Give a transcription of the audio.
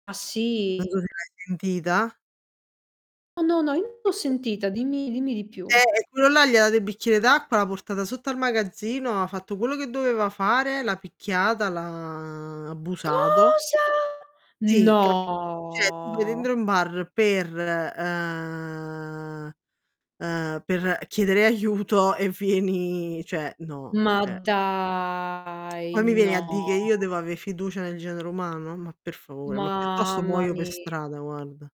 Ah, Non so sì? se l'hai sentita. Oh, no, no, io l'ho [unintelligible] sentita, dimmi dimmi di Eh, più. eh, e quello là gli ha dato il bicchiere d'acqua, l'ha portata sotto al magazzino, ha fatto quello che doveva fare, l'ha picchiata, l' ha abusato. Cosa?! Sì, capito, cioè tu sei No! dentro un bar per, ehm ehm, per chiedere aiuto e fieni cioè, no; Ma cioè dai! Poi mi vieni a di' che io No! devo ave' fiducia nel genere umano? Ma per favore, ma piuttosto Mamma muoio pe' mia! strada, guarda.